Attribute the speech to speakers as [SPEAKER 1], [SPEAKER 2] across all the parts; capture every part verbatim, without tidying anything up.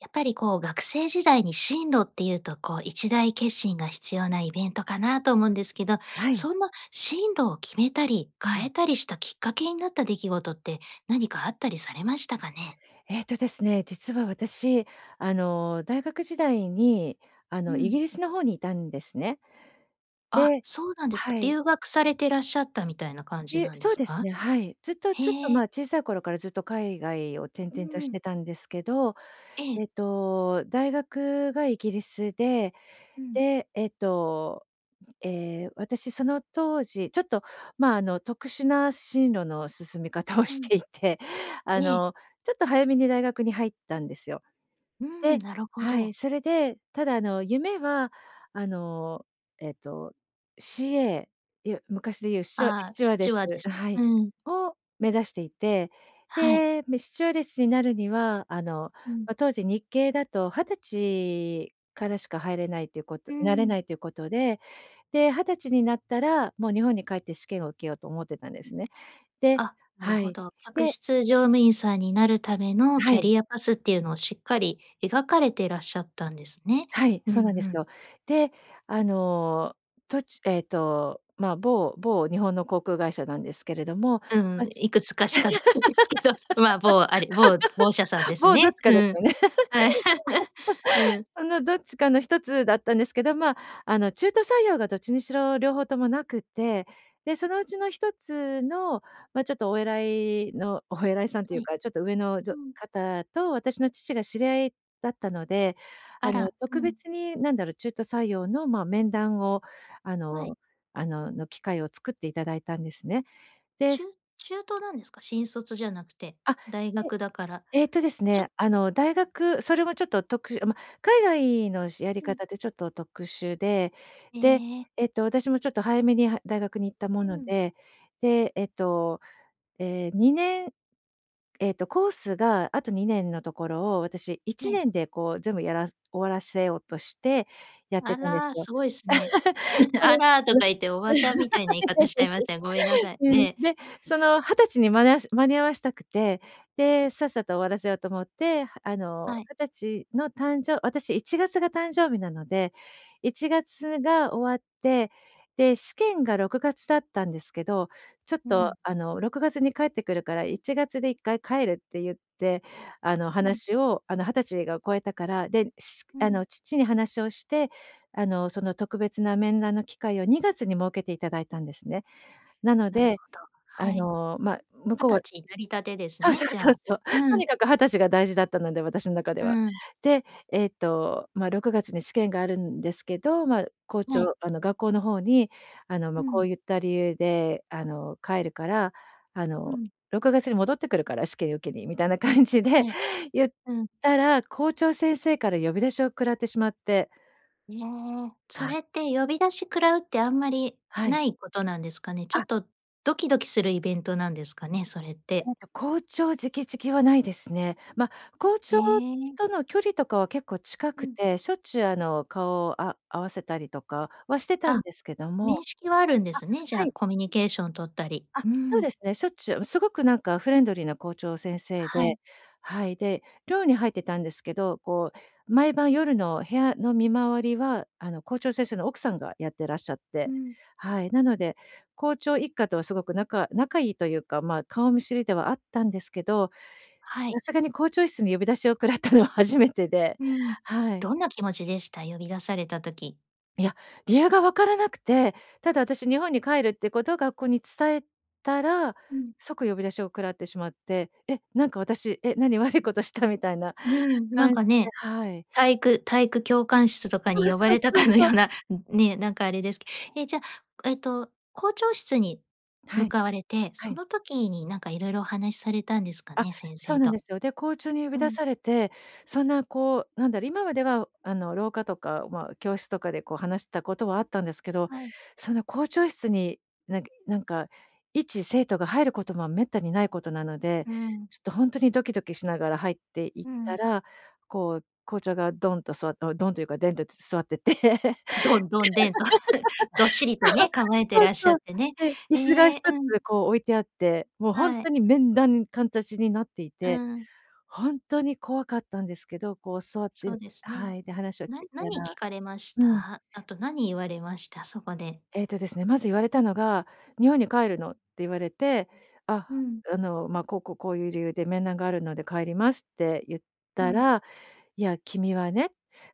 [SPEAKER 1] やっぱりこう、学生時代に進路っていうとこう、一大決心が必要なイベントかなと思うんですけど、
[SPEAKER 2] はい。
[SPEAKER 1] そんな進路を決めたり、
[SPEAKER 2] う
[SPEAKER 1] 変
[SPEAKER 2] ん。
[SPEAKER 1] えたりしたきっかけになった出来事って、何かあったりされましたかね？
[SPEAKER 2] ええとですね、実は私、あの、大学時代にあ
[SPEAKER 1] う
[SPEAKER 2] の、イ
[SPEAKER 1] ん。
[SPEAKER 2] ギリスの方にいたんですね。
[SPEAKER 1] あ、
[SPEAKER 2] で
[SPEAKER 1] そうなんです
[SPEAKER 2] は
[SPEAKER 1] か。
[SPEAKER 2] い。
[SPEAKER 1] 留学されてらっしゃったみたいな感じ
[SPEAKER 2] りゅ
[SPEAKER 1] なんで
[SPEAKER 2] そう
[SPEAKER 1] す
[SPEAKER 2] です
[SPEAKER 1] か？
[SPEAKER 2] ね、はい。ずっとちょっと
[SPEAKER 1] へ
[SPEAKER 2] まあ、
[SPEAKER 1] え。
[SPEAKER 2] 小さい頃からずっと海外を転
[SPEAKER 1] う
[SPEAKER 2] 々とし
[SPEAKER 1] ん。
[SPEAKER 2] てたんですけど、
[SPEAKER 1] ええ。
[SPEAKER 2] えっと、大学がイギリスで、
[SPEAKER 1] うん。
[SPEAKER 2] で、えっと、ええ、私その当時ちょっとまあ、あの特殊な進路の進み方を
[SPEAKER 1] う
[SPEAKER 2] し
[SPEAKER 1] ん。
[SPEAKER 2] ていて、あ
[SPEAKER 1] ええ。
[SPEAKER 2] の、ちょっと早めに大学に入ったんですよ。
[SPEAKER 1] うん、
[SPEAKER 2] で
[SPEAKER 1] なるほ
[SPEAKER 2] はい、
[SPEAKER 1] ど。
[SPEAKER 2] それでただあの、夢はあの、えっと CA、いわ昔で言うスチュワス
[SPEAKER 1] ああ、
[SPEAKER 2] チュワ
[SPEAKER 1] ス
[SPEAKER 2] ーデ
[SPEAKER 1] チュワーデ
[SPEAKER 2] ス
[SPEAKER 1] ス。
[SPEAKER 2] はい、
[SPEAKER 1] うん。
[SPEAKER 2] を目指していて、
[SPEAKER 1] はい。
[SPEAKER 2] で、め、スチュワーデスになるには、あの、
[SPEAKER 1] うん。
[SPEAKER 2] ま、当時日系だと二十歳からしか入れないということ
[SPEAKER 1] う
[SPEAKER 2] なれ
[SPEAKER 1] ん。
[SPEAKER 2] ないということで、で、二十歳になったら、もう、日本に帰って試験を受けようと思ってたんですね。で
[SPEAKER 1] あ、なる
[SPEAKER 2] は
[SPEAKER 1] ほ
[SPEAKER 2] い、
[SPEAKER 1] ど。客
[SPEAKER 2] で
[SPEAKER 1] 室乗務員さんになるための、
[SPEAKER 2] は
[SPEAKER 1] キャ
[SPEAKER 2] い。
[SPEAKER 1] リアパスっていうのをしっかり描かれていらっしゃったんですね。
[SPEAKER 2] はい、
[SPEAKER 1] うん
[SPEAKER 2] そうなんで
[SPEAKER 1] うん。
[SPEAKER 2] すよ。で、あの、とちゅえっと、まあ、某某日本の航空会社なんですけれども。
[SPEAKER 1] う
[SPEAKER 2] ま、
[SPEAKER 1] ん、
[SPEAKER 2] ち
[SPEAKER 1] いくつかしかないですけど、ま、某、あれ、某某社さんで す
[SPEAKER 2] もう、どっ
[SPEAKER 1] ね。
[SPEAKER 2] ちか
[SPEAKER 1] う
[SPEAKER 2] です
[SPEAKER 1] ん。
[SPEAKER 2] よね。
[SPEAKER 1] うん。
[SPEAKER 2] そのどっちかのひとつだったんですけど、まあ、あの中途採用がどっちにしろ両方ともなくて、で、そのうちのひとつのま、ちょっとお偉いのお偉いさんとい
[SPEAKER 1] は
[SPEAKER 2] う
[SPEAKER 1] い。
[SPEAKER 2] か、ちょっと上の、じ
[SPEAKER 1] う
[SPEAKER 2] ょ
[SPEAKER 1] ん。
[SPEAKER 2] 方と私の父が知り合いだったので、あ
[SPEAKER 1] あ
[SPEAKER 2] の、
[SPEAKER 1] ら、う
[SPEAKER 2] 特
[SPEAKER 1] ん。
[SPEAKER 2] 別になんだろう、中途採用の、ま、面談をあ
[SPEAKER 1] はい。
[SPEAKER 2] のあの、の機会を作っていただいたんですね。で
[SPEAKER 1] ち
[SPEAKER 2] す
[SPEAKER 1] ゅ中途なんですか？新卒じゃなくて、
[SPEAKER 2] あ、
[SPEAKER 1] 大
[SPEAKER 2] し
[SPEAKER 1] 学だから、
[SPEAKER 2] ええとです
[SPEAKER 1] ちょ
[SPEAKER 2] ね、あの、大学、それもちょっと、特殊ま、海外のしやり
[SPEAKER 1] う
[SPEAKER 2] 方
[SPEAKER 1] ん。
[SPEAKER 2] ってちょっと特殊で、
[SPEAKER 1] え
[SPEAKER 2] で、
[SPEAKER 1] え。
[SPEAKER 2] えっと私もちょっと早めには大学に行ったも
[SPEAKER 1] う
[SPEAKER 2] の
[SPEAKER 1] ん。
[SPEAKER 2] で、で、えっと、ええ、にねんええと、コースがあとにねんのところを、私、い
[SPEAKER 1] は
[SPEAKER 2] ち
[SPEAKER 1] い。
[SPEAKER 2] ねんでこう全部やらす終わらせようとしてやっ
[SPEAKER 1] あ
[SPEAKER 2] てたんです
[SPEAKER 1] ら、
[SPEAKER 2] よ。
[SPEAKER 1] すごいすね。「あ ら」と
[SPEAKER 2] それ
[SPEAKER 1] か言って、おばちゃんみたいな言い方しちゃいました。ごめんなさい、
[SPEAKER 2] うん。
[SPEAKER 1] え
[SPEAKER 2] うん、
[SPEAKER 1] え。
[SPEAKER 2] で、その二十歳に間に合わせ間に合わしたくて、で、さっさと終わらせようと思ってあの、
[SPEAKER 1] はい。
[SPEAKER 2] 二十歳の誕生私いちがつが誕生日なのでいちがつが終わって、で、試験がろくがつだったんですけど、ちょっ
[SPEAKER 1] う
[SPEAKER 2] と
[SPEAKER 1] ん。
[SPEAKER 2] あの、ろくがつに帰ってくるからいちがつでいっかい帰るって言ってあの、
[SPEAKER 1] うん。
[SPEAKER 2] 話をあの、二十歳が超えたから、で、
[SPEAKER 1] う
[SPEAKER 2] あ
[SPEAKER 1] ん。
[SPEAKER 2] の、父に話をしてあの、その特別な面談の機会をにがつに設けていただいたんですね。なの
[SPEAKER 1] なる
[SPEAKER 2] で、
[SPEAKER 1] ほど、
[SPEAKER 2] あ
[SPEAKER 1] はい。
[SPEAKER 2] の、ま、向
[SPEAKER 1] は
[SPEAKER 2] こう
[SPEAKER 1] た
[SPEAKER 2] は
[SPEAKER 1] ちになりたてです
[SPEAKER 2] そう
[SPEAKER 1] ね、
[SPEAKER 2] そう
[SPEAKER 1] じゃ
[SPEAKER 2] そう
[SPEAKER 1] あ。
[SPEAKER 2] そう。と
[SPEAKER 1] う
[SPEAKER 2] に
[SPEAKER 1] ん。
[SPEAKER 2] かくはたちが大事だったので、私の中で
[SPEAKER 1] う
[SPEAKER 2] は。
[SPEAKER 1] ん。
[SPEAKER 2] で、えっとまあ、ろくがつに試験があるんですけど、ま、校
[SPEAKER 1] はい。
[SPEAKER 2] 長あの学校の方にあの、
[SPEAKER 1] う
[SPEAKER 2] ま、こ
[SPEAKER 1] ん。
[SPEAKER 2] ういった理由であの、帰るからあ
[SPEAKER 1] う
[SPEAKER 2] の、
[SPEAKER 1] ん。
[SPEAKER 2] 「ろくがつに戻ってくるから、試験受けに」みたいな感じで
[SPEAKER 1] ええ、
[SPEAKER 2] 言っ
[SPEAKER 1] うん。
[SPEAKER 2] たら、校長先生から呼び出しを食らってしまって。
[SPEAKER 1] ええ。そ
[SPEAKER 2] か。
[SPEAKER 1] れって呼び出し食らうってあんまり
[SPEAKER 2] はい。
[SPEAKER 1] ないことなんですかね？ちょ
[SPEAKER 2] あ。
[SPEAKER 1] っとドキドキするイベントなんですかね、それって。
[SPEAKER 2] ええと、校長直々はないですね。ま、校長
[SPEAKER 1] ええ。
[SPEAKER 2] との距離とかは結構近
[SPEAKER 1] う
[SPEAKER 2] く
[SPEAKER 1] ん。
[SPEAKER 2] て、しょっちゅうあの、顔をあ合わせたりとかはしてたん
[SPEAKER 1] あ、
[SPEAKER 2] ですけど
[SPEAKER 1] 面
[SPEAKER 2] も
[SPEAKER 1] 識はあるんで
[SPEAKER 2] あ、
[SPEAKER 1] すね、じゃ
[SPEAKER 2] は
[SPEAKER 1] あ
[SPEAKER 2] い。
[SPEAKER 1] コミュニケーション取ったり、
[SPEAKER 2] あ、
[SPEAKER 1] う
[SPEAKER 2] そう
[SPEAKER 1] ん。
[SPEAKER 2] ですね。しょっちゅう、うん、すごくなんかフレンドリーな校長先生
[SPEAKER 1] は
[SPEAKER 2] で
[SPEAKER 1] い。
[SPEAKER 2] はい、で、寮に入ってたんですけど、こう毎晩夜の部屋の見回りはあの、校長先生の奥さんがやってらっしゃっ
[SPEAKER 1] う
[SPEAKER 2] て
[SPEAKER 1] ん。
[SPEAKER 2] はい。なので、校長一家とはすごく仲仲いいというか、まあ、顔見知りではあったんですけど、
[SPEAKER 1] は
[SPEAKER 2] や、
[SPEAKER 1] い。
[SPEAKER 2] さがに校長室に呼び出しを食らったのは初めてで、
[SPEAKER 1] うん、
[SPEAKER 2] はい。
[SPEAKER 1] どんな気持ちでした？呼び出された時。
[SPEAKER 2] いや、理由が分からなくて、ただ私日本に帰るってことを学校に伝えたら、
[SPEAKER 1] うん。
[SPEAKER 2] 即呼び出しを食らってしまって、え、なんか私、え、何悪いことしたみたいな
[SPEAKER 1] うん、なん
[SPEAKER 2] 感じ
[SPEAKER 1] か
[SPEAKER 2] で
[SPEAKER 1] ね。
[SPEAKER 2] はい。
[SPEAKER 1] 体育体育教官室とか
[SPEAKER 2] そ
[SPEAKER 1] に
[SPEAKER 2] う
[SPEAKER 1] 呼ば
[SPEAKER 2] そう
[SPEAKER 1] れた
[SPEAKER 2] そう
[SPEAKER 1] かの
[SPEAKER 2] そ
[SPEAKER 1] よ
[SPEAKER 2] う。
[SPEAKER 1] うなね、なんかあれですけえ、じゃあ、えっと校長室に
[SPEAKER 2] は
[SPEAKER 1] 向
[SPEAKER 2] い、
[SPEAKER 1] かわれて、
[SPEAKER 2] は
[SPEAKER 1] そ
[SPEAKER 2] い。
[SPEAKER 1] の時になんか色々お話されたんですか
[SPEAKER 2] あ、
[SPEAKER 1] ね、先
[SPEAKER 2] そ
[SPEAKER 1] 生
[SPEAKER 2] うなん
[SPEAKER 1] と。
[SPEAKER 2] ですよ。で、校長に呼び
[SPEAKER 1] う
[SPEAKER 2] 出
[SPEAKER 1] ん。
[SPEAKER 2] されて、そんなこうなんだろう、今まではあの廊下とか、ま、教室とかでこう話したことはあったんですけど、
[SPEAKER 1] はい。
[SPEAKER 2] そんな校長室に、なんなんか一生徒が入ることもめったにないことなので、
[SPEAKER 1] うん。
[SPEAKER 2] ちょっとほんとにドキドキしながら入って行
[SPEAKER 1] う
[SPEAKER 2] った
[SPEAKER 1] ん。
[SPEAKER 2] ら、こう、校長がドンと座ってドンというか、デンと、つ座ってて。
[SPEAKER 1] ドン、ドン、デンとどっしりと ね、構えて
[SPEAKER 2] そう、
[SPEAKER 1] らっし
[SPEAKER 2] そ
[SPEAKER 1] ゃ
[SPEAKER 2] うそ
[SPEAKER 1] っ
[SPEAKER 2] う。
[SPEAKER 1] てね。
[SPEAKER 2] で、椅子が一
[SPEAKER 1] ええ。
[SPEAKER 2] つ
[SPEAKER 1] うん。
[SPEAKER 2] こう置いてあって、もうほん
[SPEAKER 1] はい。
[SPEAKER 2] とに面談、かんたちになってい
[SPEAKER 1] うー
[SPEAKER 2] て、
[SPEAKER 1] ん。
[SPEAKER 2] ほんとに怖かったんですけど、こう座っ
[SPEAKER 1] そ
[SPEAKER 2] て
[SPEAKER 1] うですね。
[SPEAKER 2] はい、で話を
[SPEAKER 1] な
[SPEAKER 2] 聞いた
[SPEAKER 1] 何聞
[SPEAKER 2] ら
[SPEAKER 1] かれまし
[SPEAKER 2] うん。
[SPEAKER 1] た？あと何言われました？そこで。
[SPEAKER 2] えっとですね、まず言われたのが、「日本に帰るの？」って言われて、「あ
[SPEAKER 1] うん。
[SPEAKER 2] あ、あのま、こうこう、こういう理由で面談があるので帰ります」って言っ
[SPEAKER 1] う
[SPEAKER 2] た
[SPEAKER 1] ん。
[SPEAKER 2] ら、「いや君はね、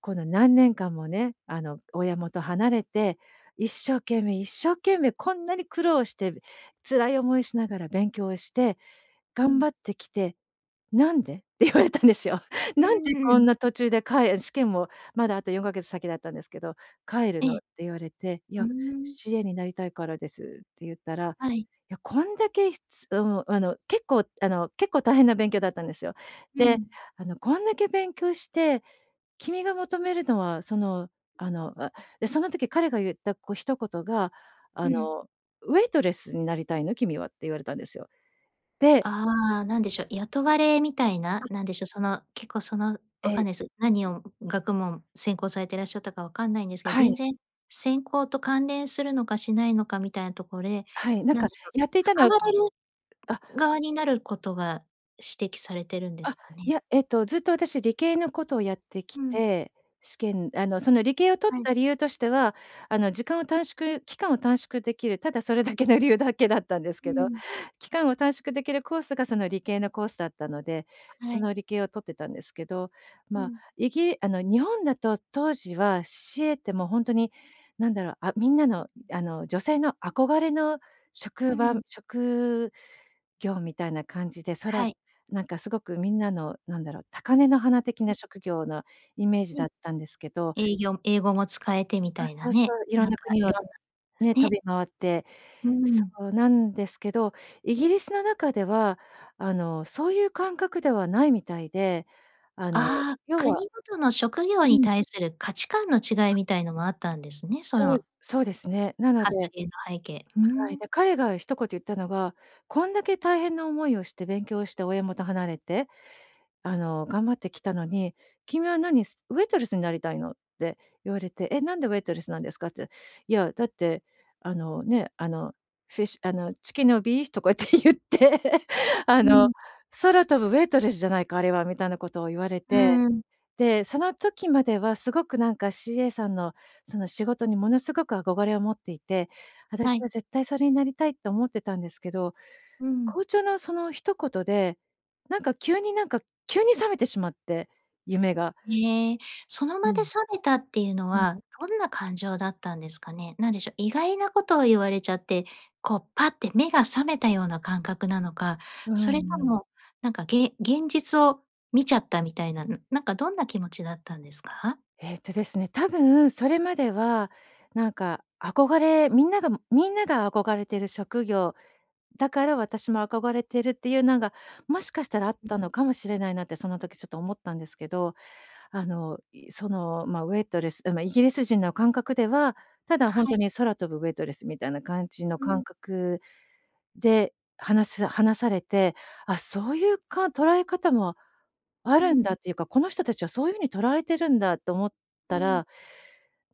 [SPEAKER 2] この何年間もね、あの親元離れて、一生懸命一生懸命こんなに苦労して辛い思いしながら、勉強して
[SPEAKER 1] う
[SPEAKER 2] 頑張っ
[SPEAKER 1] ん。
[SPEAKER 2] てきて、なんで？」って言われたんですよ。
[SPEAKER 1] うー
[SPEAKER 2] 「なんでこん
[SPEAKER 1] ん。
[SPEAKER 2] な途中でかえ」試験もまだあとよんかげつ先だったんですけど、「帰る
[SPEAKER 1] え
[SPEAKER 2] の？」っ
[SPEAKER 1] え。
[SPEAKER 2] て言われて。「い
[SPEAKER 1] うー
[SPEAKER 2] や、
[SPEAKER 1] ん。
[SPEAKER 2] CA になりたいからです」って言ったら、
[SPEAKER 1] はい。
[SPEAKER 2] 「や、こんだけ、ひつ」うん、あの結構あの、結構大変な勉強だったんですよ。
[SPEAKER 1] う
[SPEAKER 2] で、
[SPEAKER 1] ん。
[SPEAKER 2] あの「こんだけ勉強して、君が求めるのはそのあの」あ、で、その時彼が言った、こう一言が
[SPEAKER 1] う
[SPEAKER 2] あ
[SPEAKER 1] ん。
[SPEAKER 2] の、「ウェイトレスになりたいの君は？」って言われたんですよ。で
[SPEAKER 1] ああ。なんでしょう、雇われみたいな、
[SPEAKER 2] あ。
[SPEAKER 1] なんでしょう、その結構その分かん
[SPEAKER 2] え。
[SPEAKER 1] ないす。何を学問専攻されていらっしゃったか分かんないんですけど、
[SPEAKER 2] は
[SPEAKER 1] 全
[SPEAKER 2] い。
[SPEAKER 1] 然専攻と関連するのか、しないのかみたいなとこれ、
[SPEAKER 2] はい、なん
[SPEAKER 1] なん
[SPEAKER 2] か
[SPEAKER 1] でしょう、
[SPEAKER 2] やっていたの
[SPEAKER 1] 使
[SPEAKER 2] は
[SPEAKER 1] われる
[SPEAKER 2] あ。
[SPEAKER 1] 側になることが指摘されてるんです
[SPEAKER 2] あ。
[SPEAKER 1] か
[SPEAKER 2] い
[SPEAKER 1] ね？
[SPEAKER 2] や、えっとずっと私、理系のことをやってき
[SPEAKER 1] うん。
[SPEAKER 2] て、試験あのその理系を取っ
[SPEAKER 1] はい。
[SPEAKER 2] た理由としては、あの時間を短縮期間を短縮できる、ただそれだけの理由だけだったんです
[SPEAKER 1] う
[SPEAKER 2] けど。
[SPEAKER 1] ん。
[SPEAKER 2] 期間を短縮できるコースがその理系のコースだったので、
[SPEAKER 1] は
[SPEAKER 2] そ
[SPEAKER 1] い。
[SPEAKER 2] の理系を取ってたんですけど。
[SPEAKER 1] う
[SPEAKER 2] まあ、
[SPEAKER 1] ん。
[SPEAKER 2] イギあの日本だと当時は CA ってもうほんとに何だろう、あ、みんなのあの、女性の憧れの
[SPEAKER 1] う
[SPEAKER 2] 職場、
[SPEAKER 1] ん。
[SPEAKER 2] 職業みたいな感じで、そら
[SPEAKER 1] はい。
[SPEAKER 2] なんかすごくみんなのなんだろう、高根の花的な
[SPEAKER 1] [unintelligible]
[SPEAKER 2] 職業なイメージ
[SPEAKER 1] う
[SPEAKER 2] だ
[SPEAKER 1] ん。
[SPEAKER 2] ったんですけど。
[SPEAKER 1] えいぎょ英語も使えてみ
[SPEAKER 2] そう
[SPEAKER 1] たいな
[SPEAKER 2] そうそ
[SPEAKER 1] ね、
[SPEAKER 2] う、色
[SPEAKER 1] な
[SPEAKER 2] ん
[SPEAKER 1] ん
[SPEAKER 2] な
[SPEAKER 1] か
[SPEAKER 2] 国を
[SPEAKER 1] 色んなす
[SPEAKER 2] ね、飛
[SPEAKER 1] ね。
[SPEAKER 2] び回って、
[SPEAKER 1] うーん。
[SPEAKER 2] そうなんですけど、イギリスの中ではあのそういう感覚ではないみたいで、あの
[SPEAKER 1] ああ。
[SPEAKER 2] 要は
[SPEAKER 1] 国ごとの職業
[SPEAKER 2] う
[SPEAKER 1] に
[SPEAKER 2] ん。
[SPEAKER 1] 対する価値観の違いみたいのもあったんですね。そ
[SPEAKER 2] そう
[SPEAKER 1] の
[SPEAKER 2] そうですね。なので
[SPEAKER 1] 発言
[SPEAKER 2] は
[SPEAKER 1] の背景。うー
[SPEAKER 2] い。
[SPEAKER 1] ん。
[SPEAKER 2] で、彼が一言言ったのが、「こんだけ大変な思いをして勉強して親元離れて、あの頑張ってきたのに、君は何、すウェイトレスになりたいの？」って言われて。え、「なんでウェイトレスなんですか？」って、いや、だって、あのね、あの fish、あの、Chicken or beef？とかって言って、あ
[SPEAKER 1] う
[SPEAKER 2] の
[SPEAKER 1] ん。
[SPEAKER 2] 「空飛ぶウェイトレスじゃないか、あれは」みたいなことを言われ
[SPEAKER 1] う
[SPEAKER 2] て。
[SPEAKER 1] ーん。
[SPEAKER 2] で、その時まではすごくなんか CA さんのその仕事にものすごく憧れを持っていて、私
[SPEAKER 1] はい。
[SPEAKER 2] は絶対それになりたいと思ってたんですけど、
[SPEAKER 1] うん。
[SPEAKER 2] 校長のその一言で、なんか急になんか急に冷めてしまって、夢が。
[SPEAKER 1] ええ。その
[SPEAKER 2] う
[SPEAKER 1] 場で冷
[SPEAKER 2] ん。
[SPEAKER 1] めたっていうの
[SPEAKER 2] うん。
[SPEAKER 1] は、どんな感情だったんですかね？なんでしょう、意外なことを言われちゃって、こうパッて目が覚めたような感覚なのか、
[SPEAKER 2] う
[SPEAKER 1] それと
[SPEAKER 2] んうん。
[SPEAKER 1] も、なんか、げん現実を見ちゃったみたいな、なんかどんな気持ちだったんですか？
[SPEAKER 2] えっとですね、多分それまではなんか憧れみんながみんなが憧れてる職業。だから私も憧れてるっていうなんが、もしかしたらあったのかもしれないなってその時ちょっと思ったんですけど。あの、い、その、ま、ウェイトレス、う、ま、イギリス人の感覚では、ただほん
[SPEAKER 1] は
[SPEAKER 2] と
[SPEAKER 1] い。
[SPEAKER 2] に空飛ぶウェイトレスみたいな感じの
[SPEAKER 1] う
[SPEAKER 2] 感
[SPEAKER 1] ん。
[SPEAKER 2] 覚で、話す話されて、あ、そういう、か捉え方もあ
[SPEAKER 1] う
[SPEAKER 2] るん
[SPEAKER 1] ん。
[SPEAKER 2] だっていうか、この人たちはそういう風にとられてるんだと思っ
[SPEAKER 1] う
[SPEAKER 2] た
[SPEAKER 1] ん。
[SPEAKER 2] ら、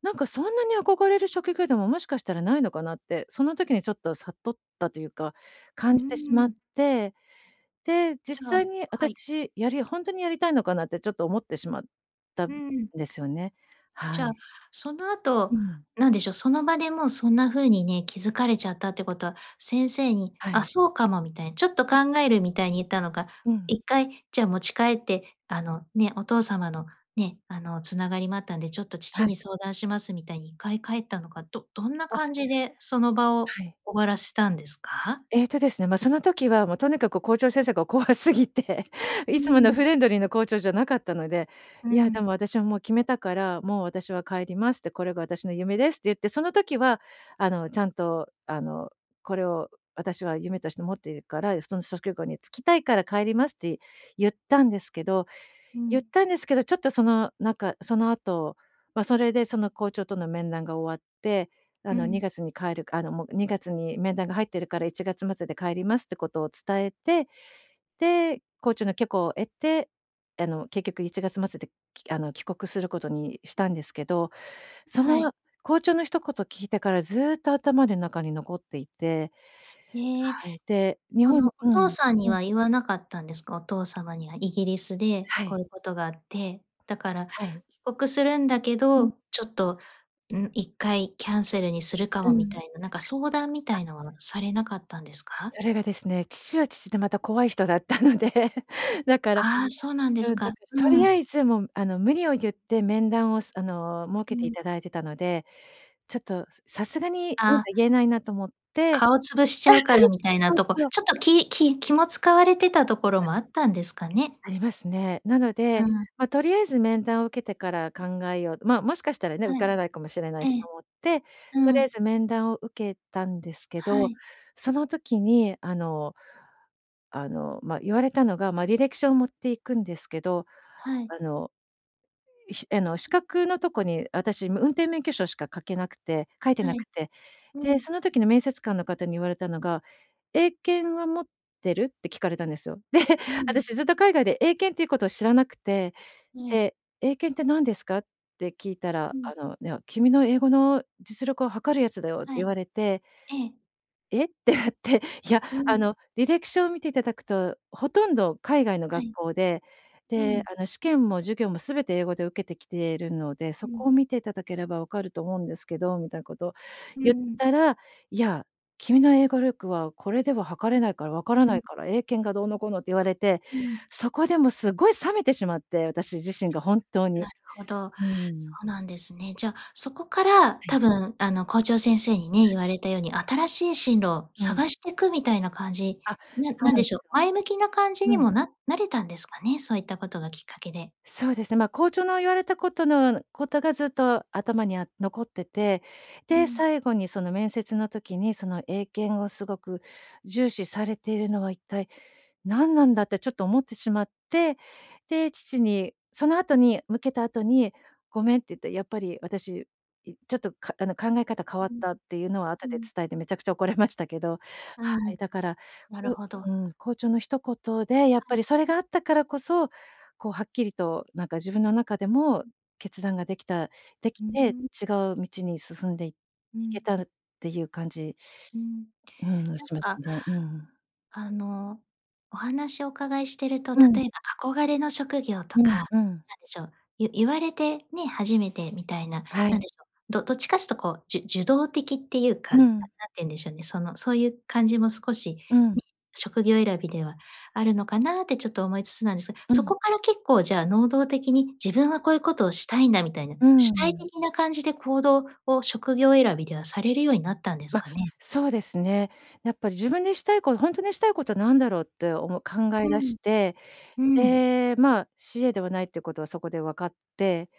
[SPEAKER 2] なんかそんなに憧れる職業でも、もしかしたらないのかなって、その時にちょっと悟ったというか、
[SPEAKER 1] う
[SPEAKER 2] 感じてし
[SPEAKER 1] ー
[SPEAKER 2] まっ
[SPEAKER 1] ん。
[SPEAKER 2] て、で、実
[SPEAKER 1] じゃあ
[SPEAKER 2] 際に
[SPEAKER 1] はい。
[SPEAKER 2] 私やりほんとにやりたいのかなってちょっと思ってしまった
[SPEAKER 1] う
[SPEAKER 2] ん
[SPEAKER 1] ん。
[SPEAKER 2] ですよね。は
[SPEAKER 1] じゃあ、
[SPEAKER 2] い。
[SPEAKER 1] その
[SPEAKER 2] う
[SPEAKER 1] 後、
[SPEAKER 2] ん。
[SPEAKER 1] 何でしょう、その場でもうそんな風にね、気付かれちゃったってことは先生に、
[SPEAKER 2] は
[SPEAKER 1] あ、
[SPEAKER 2] い。
[SPEAKER 1] そうかもみたい、ちょっと考えるみたいに言ったのか、
[SPEAKER 2] うん。
[SPEAKER 1] 一回じゃあ持ち帰って、あの、ね、お父様のね、あの繋がりもあったんで、ちょっと
[SPEAKER 2] は
[SPEAKER 1] 父
[SPEAKER 2] い。
[SPEAKER 1] に相談します、みたいに一回帰ったのか、どどんな
[SPEAKER 2] あ。
[SPEAKER 1] 感じでその場を
[SPEAKER 2] はい。
[SPEAKER 1] 終わらせたんですか？
[SPEAKER 2] えっとですね、ま、その時はもうとにかく校長先生が怖すぎて、い
[SPEAKER 1] うー
[SPEAKER 2] つもの
[SPEAKER 1] ん。
[SPEAKER 2] フレンドリーな校長じゃなかったので、
[SPEAKER 1] う
[SPEAKER 2] 「いやで
[SPEAKER 1] ん。
[SPEAKER 2] も私はもう決めたから、もう私は帰りますって、これが私の夢です」って言って、その時はあのちゃんとあのこれを私は夢として持っているから、その職業に就きたいから帰りますって言ったんですけど
[SPEAKER 1] う
[SPEAKER 2] 言っ
[SPEAKER 1] ん。
[SPEAKER 2] たんですけど、ちょっとそのなんか、その後、ま、それで、その校長との面談が終わって、あ
[SPEAKER 1] う
[SPEAKER 2] のに
[SPEAKER 1] ん。
[SPEAKER 2] がつに帰るく、あの、もうにがつに面談が入ってるからいちがつまつで帰りますってことを伝えて、で、校長の許可を得て、あの結局いちがつまつで、きあの帰国することにしたんですけど、そ
[SPEAKER 1] はい。
[SPEAKER 2] の校長の一言聞いてからずっと頭で中に残っていて。
[SPEAKER 1] ええ。
[SPEAKER 2] はい、で、日
[SPEAKER 1] こ
[SPEAKER 2] 本
[SPEAKER 1] のお
[SPEAKER 2] う
[SPEAKER 1] 父
[SPEAKER 2] ん。
[SPEAKER 1] さんに
[SPEAKER 2] うん。
[SPEAKER 1] は言わなかったんですか？お父様には、イギリスで
[SPEAKER 2] は
[SPEAKER 1] こう
[SPEAKER 2] い。
[SPEAKER 1] いうことがあって、だから
[SPEAKER 2] はい。
[SPEAKER 1] 帰国するんだけ
[SPEAKER 2] うん。
[SPEAKER 1] ど、ちょっと、うん、一回キャンセルにするか
[SPEAKER 2] う
[SPEAKER 1] もみた
[SPEAKER 2] ん。
[SPEAKER 1] いな、なんか相談みた
[SPEAKER 2] あ。
[SPEAKER 1] いのはされなかったんですか？
[SPEAKER 2] それがですね、父は父でまた怖い人だったので。だから
[SPEAKER 1] ああ、そうなんで
[SPEAKER 2] う
[SPEAKER 1] す
[SPEAKER 2] ん。だ
[SPEAKER 1] か。
[SPEAKER 2] からと
[SPEAKER 1] う
[SPEAKER 2] り
[SPEAKER 1] ん。
[SPEAKER 2] あえずもうあの無理をゆって、面談を、すあの設
[SPEAKER 1] う
[SPEAKER 2] けてい
[SPEAKER 1] ん。
[SPEAKER 2] ただいてたので、ちょっとさすがになん
[SPEAKER 1] あ。
[SPEAKER 2] か言えないなと思って。
[SPEAKER 1] 顔つぶしちゃうから みたいな
[SPEAKER 2] そう
[SPEAKER 1] とこ、
[SPEAKER 2] そう。
[SPEAKER 1] ちょっと、きき気も使われてたところ
[SPEAKER 2] あ。
[SPEAKER 1] もあったんですかね。
[SPEAKER 2] ありますね。なの
[SPEAKER 1] う
[SPEAKER 2] で、
[SPEAKER 1] ん。
[SPEAKER 2] ま、とりあえず面談を受けてから考えよう。ま、もしかしたらね、受
[SPEAKER 1] は
[SPEAKER 2] か
[SPEAKER 1] い。
[SPEAKER 2] らないかもしれない
[SPEAKER 1] え
[SPEAKER 2] し
[SPEAKER 1] え。
[SPEAKER 2] と思って、と
[SPEAKER 1] う
[SPEAKER 2] りあえ
[SPEAKER 1] ん。
[SPEAKER 2] ず面談を受けたんですけ
[SPEAKER 1] は
[SPEAKER 2] ど、
[SPEAKER 1] い。
[SPEAKER 2] その時にあの、あの、ま、言われたのが、ま、履歴書を持っていくんですけど、
[SPEAKER 1] はい。
[SPEAKER 2] あの、ひあの、資格のとこに私運転免許証しか書けなくて、書いて
[SPEAKER 1] は
[SPEAKER 2] なく
[SPEAKER 1] い。
[SPEAKER 2] て、
[SPEAKER 1] う
[SPEAKER 2] で、
[SPEAKER 1] ん。
[SPEAKER 2] その時の面接官の方に言われたのが、「英検は持ってる？」って聞かれたんですよ。で、
[SPEAKER 1] うん。
[SPEAKER 2] 私ずっと海外で英検っていうことを知らなくて、
[SPEAKER 1] はい。
[SPEAKER 2] で、「英検って何ですか？」って聞いた
[SPEAKER 1] う
[SPEAKER 2] ら、
[SPEAKER 1] ん。
[SPEAKER 2] あのね、「君の英語の実力を測るやつだよ」って
[SPEAKER 1] は
[SPEAKER 2] 言
[SPEAKER 1] い。
[SPEAKER 2] われて。
[SPEAKER 1] ええ。
[SPEAKER 2] 「え？」ってなって、「いや、
[SPEAKER 1] う
[SPEAKER 2] あ
[SPEAKER 1] ん。
[SPEAKER 2] の履歴書を見ていただくと、ほとんど海外の
[SPEAKER 1] は
[SPEAKER 2] 学
[SPEAKER 1] い。
[SPEAKER 2] 校で。
[SPEAKER 1] う
[SPEAKER 2] で、
[SPEAKER 1] ん。
[SPEAKER 2] あの試験も授業もすべて英語で受けてきてるので、
[SPEAKER 1] う
[SPEAKER 2] そこ
[SPEAKER 1] ん。
[SPEAKER 2] を見ていただければ分かると思うんですけど」みたいなことを
[SPEAKER 1] うー
[SPEAKER 2] 言っ
[SPEAKER 1] ん。
[SPEAKER 2] たら、「いや、君の英語力はこれでは測れないから分から
[SPEAKER 1] う
[SPEAKER 2] ない
[SPEAKER 1] ん。
[SPEAKER 2] から、英検がどうのこうの」って言われて、
[SPEAKER 1] うん。
[SPEAKER 2] そこでもすごい冷めてしまって、私自身が本当
[SPEAKER 1] な
[SPEAKER 2] に。
[SPEAKER 1] るほど、
[SPEAKER 2] うー
[SPEAKER 1] そ
[SPEAKER 2] ん。
[SPEAKER 1] うなんですね。じゃあ、そこから
[SPEAKER 2] は
[SPEAKER 1] 多
[SPEAKER 2] い。
[SPEAKER 1] 分あの校長先生にね、
[SPEAKER 2] はい。
[SPEAKER 1] 言われたように新しい進路を
[SPEAKER 2] うん。
[SPEAKER 1] 探してくみたいな感じ。
[SPEAKER 2] あ、
[SPEAKER 1] な
[SPEAKER 2] そう
[SPEAKER 1] なん
[SPEAKER 2] なん
[SPEAKER 1] で
[SPEAKER 2] で
[SPEAKER 1] しょう、
[SPEAKER 2] すよ。
[SPEAKER 1] 前向きな感じに
[SPEAKER 2] うん。
[SPEAKER 1] も、ななれたんですかね、そういったことがきっかけで。
[SPEAKER 2] そうですね。ま、校長の言われたことのことがずっと頭にあっ残ってて。
[SPEAKER 1] う
[SPEAKER 2] で、
[SPEAKER 1] ん。
[SPEAKER 2] 最後にその面接の時にその英検をすごく重視されているのは一体何なんだってちょっと思ってしまって。で、父にその後に向けた後に、「ごめん」って言って、やっぱり私、いちょっと、かあの考え方変わっ
[SPEAKER 1] うん。
[SPEAKER 2] たっていうのは後
[SPEAKER 1] う
[SPEAKER 2] で
[SPEAKER 1] ん。
[SPEAKER 2] 伝えて、めちゃくちゃ怒れましたけど。は
[SPEAKER 1] う
[SPEAKER 2] い、
[SPEAKER 1] ん。
[SPEAKER 2] だから、
[SPEAKER 1] なる
[SPEAKER 2] ふ
[SPEAKER 1] ほど。
[SPEAKER 2] うん、校長の一言で、やっぱ
[SPEAKER 1] [unintelligible]
[SPEAKER 2] りそれがあったからこそ、こうはっきりとなんか自分の中でも決断ができたでき
[SPEAKER 1] うー
[SPEAKER 2] て、
[SPEAKER 1] ん。
[SPEAKER 2] 違う道に進んでい
[SPEAKER 1] う
[SPEAKER 2] け
[SPEAKER 1] ん。
[SPEAKER 2] たんっていう感じ、
[SPEAKER 1] うん。
[SPEAKER 2] うーん、
[SPEAKER 1] なん
[SPEAKER 2] します
[SPEAKER 1] か、
[SPEAKER 2] ね。うーん。
[SPEAKER 1] あの、お話お伺いしていると、
[SPEAKER 2] うん。
[SPEAKER 1] 例えば憧れの職業と
[SPEAKER 2] うん
[SPEAKER 1] か、なん
[SPEAKER 2] うん。
[SPEAKER 1] でしょう、ゆゆわれて、ね、初めてみたいな、
[SPEAKER 2] は
[SPEAKER 1] な
[SPEAKER 2] い。
[SPEAKER 1] んでしょう、どどっちかっつうとこう、じゅ受動的っていうか、
[SPEAKER 2] う
[SPEAKER 1] な
[SPEAKER 2] ん。
[SPEAKER 1] なんていうんでしょうね、そのそういう感じも少し、
[SPEAKER 2] うん。
[SPEAKER 1] に職業選びではあるのかなってちょっと思いつつなんですが。
[SPEAKER 2] う
[SPEAKER 1] そ
[SPEAKER 2] ん。
[SPEAKER 1] こから結構じゃあ能動的に自分はこういうことをしたいんだみたいな、
[SPEAKER 2] うー
[SPEAKER 1] 主体
[SPEAKER 2] ん。
[SPEAKER 1] 的な感じで行動を、職業選びではされるようになったんです
[SPEAKER 2] ま、
[SPEAKER 1] かね？
[SPEAKER 2] そうですね。やっぱ自分でしたいことほんとにしたいことは何だろうっておも考え
[SPEAKER 1] う
[SPEAKER 2] 出
[SPEAKER 1] ん。
[SPEAKER 2] して、
[SPEAKER 1] うん。
[SPEAKER 2] で、まあ CA ではないっていうことはそこで分かって。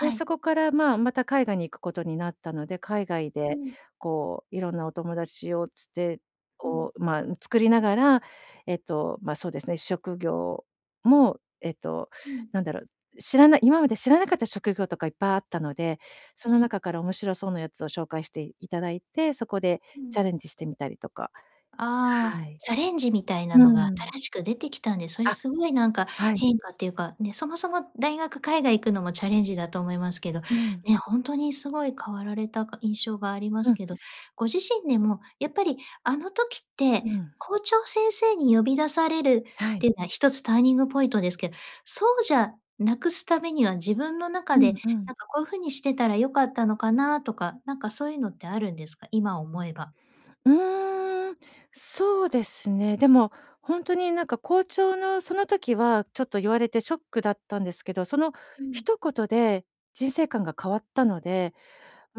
[SPEAKER 2] で、そ
[SPEAKER 1] い。
[SPEAKER 2] こからまあまた、海外に行くことになったので、海外
[SPEAKER 1] う
[SPEAKER 2] で
[SPEAKER 1] ん。
[SPEAKER 2] こう、色んなお友達を伝手
[SPEAKER 1] うん。
[SPEAKER 2] を、まあ作りながら、えっと、ま、そうですね、職業もえっと、
[SPEAKER 1] うん。
[SPEAKER 2] なんだろう、知らない今まで知らなかった職業とかいっぱいあったので、そ
[SPEAKER 1] は
[SPEAKER 2] の
[SPEAKER 1] い。
[SPEAKER 2] 中から面白そうなやつを紹介していただいて、そこで
[SPEAKER 1] うん。
[SPEAKER 2] チャレンジしてみたりとか。
[SPEAKER 1] ああ。
[SPEAKER 2] はい。
[SPEAKER 1] チャレンジみたいな
[SPEAKER 2] う
[SPEAKER 1] のが
[SPEAKER 2] ーん。
[SPEAKER 1] 新しく出てきたんで、それ
[SPEAKER 2] あ。
[SPEAKER 1] すごいなんか
[SPEAKER 2] はい。
[SPEAKER 1] 変化っていうか、ね、そもそも大学海外行くのもチャレンジだと思いますけど、
[SPEAKER 2] うん。
[SPEAKER 1] ね。ほんとにすごい変わられたか、印象がありま
[SPEAKER 2] う
[SPEAKER 1] す
[SPEAKER 2] ん。
[SPEAKER 1] けど、ご自身でもやっぱりあの時って
[SPEAKER 2] うん。
[SPEAKER 1] 校長先生に呼び出される
[SPEAKER 2] は
[SPEAKER 1] っ
[SPEAKER 2] い。
[SPEAKER 1] ていうのは一つターニングポイントですけ、そうじゃなくすためには自分の
[SPEAKER 2] う
[SPEAKER 1] 中で
[SPEAKER 2] んうん。
[SPEAKER 1] なんかこういう風にしてたら良かったのかなとか、なんかそういうのってあるんですか？今思えば。
[SPEAKER 2] うーん。そうですね。でもほんとになんか校長の、その時はちょっと言われてショックだったんですけど、その
[SPEAKER 1] うん。
[SPEAKER 2] 一言で人生観が変わったので、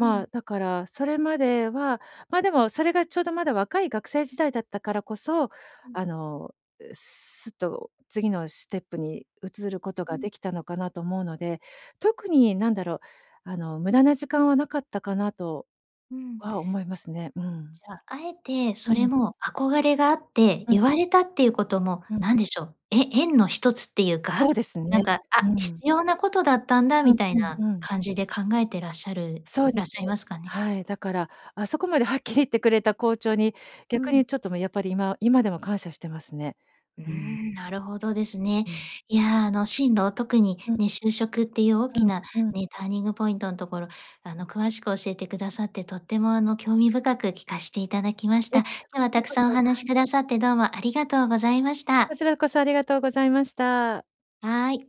[SPEAKER 1] う
[SPEAKER 2] あ
[SPEAKER 1] ん。
[SPEAKER 2] だから、それまではまでも、それがちょうどまだ若い学生時代だったからこそ、
[SPEAKER 1] うん。
[SPEAKER 2] あの、う、すっと次のシテップに移ること
[SPEAKER 1] う
[SPEAKER 2] が
[SPEAKER 1] ん。
[SPEAKER 2] できたのかなと思うので、特になんだろう、あの無駄な時間はなかったかなと
[SPEAKER 1] うん。
[SPEAKER 2] は思いますね。うん。
[SPEAKER 1] じゃあ、あえて
[SPEAKER 2] う
[SPEAKER 1] それ
[SPEAKER 2] ん。
[SPEAKER 1] も憧れがあって
[SPEAKER 2] うん。
[SPEAKER 1] 言われたっていうことも、
[SPEAKER 2] うん。
[SPEAKER 1] なんでしょう、え縁の一つっていう
[SPEAKER 2] そ
[SPEAKER 1] か、
[SPEAKER 2] うです
[SPEAKER 1] なん
[SPEAKER 2] ね。
[SPEAKER 1] か、
[SPEAKER 2] う
[SPEAKER 1] 「あ、
[SPEAKER 2] ん。
[SPEAKER 1] 必要なことだったんだ」
[SPEAKER 2] う
[SPEAKER 1] み
[SPEAKER 2] ん
[SPEAKER 1] たい
[SPEAKER 2] うん
[SPEAKER 1] な
[SPEAKER 2] うん。
[SPEAKER 1] 感じで考えてらっしゃる
[SPEAKER 2] そうで
[SPEAKER 1] らっ
[SPEAKER 2] す。
[SPEAKER 1] しゃいますかね？
[SPEAKER 2] はい。だからあそこまではっきり言ってくれた校長に、
[SPEAKER 1] う
[SPEAKER 2] 逆に
[SPEAKER 1] ん。
[SPEAKER 2] ちょっと、ま、やっぱり、今今でも感謝してますね。
[SPEAKER 1] うー
[SPEAKER 2] うーん。
[SPEAKER 1] ん、なるほどですね。
[SPEAKER 2] うん。
[SPEAKER 1] いや、あの進路、特に
[SPEAKER 2] うん。
[SPEAKER 1] ね、就職っていう大
[SPEAKER 2] う
[SPEAKER 1] き
[SPEAKER 2] ん、
[SPEAKER 1] な
[SPEAKER 2] うん。
[SPEAKER 1] ね、ターニングポイントんところ、あの詳しく教えてくださってとてもあの興味深く聞かしていただきまし
[SPEAKER 2] いえ、
[SPEAKER 1] た。今
[SPEAKER 2] こ
[SPEAKER 1] 日は
[SPEAKER 2] ち
[SPEAKER 1] た
[SPEAKER 2] ら
[SPEAKER 1] く
[SPEAKER 2] こ
[SPEAKER 1] さんお
[SPEAKER 2] そ。
[SPEAKER 1] 話
[SPEAKER 2] は
[SPEAKER 1] し
[SPEAKER 2] い。
[SPEAKER 1] くださってどうもありがとうございまし
[SPEAKER 2] こ
[SPEAKER 1] た。
[SPEAKER 2] ちらこそありがとうございました。
[SPEAKER 1] はい。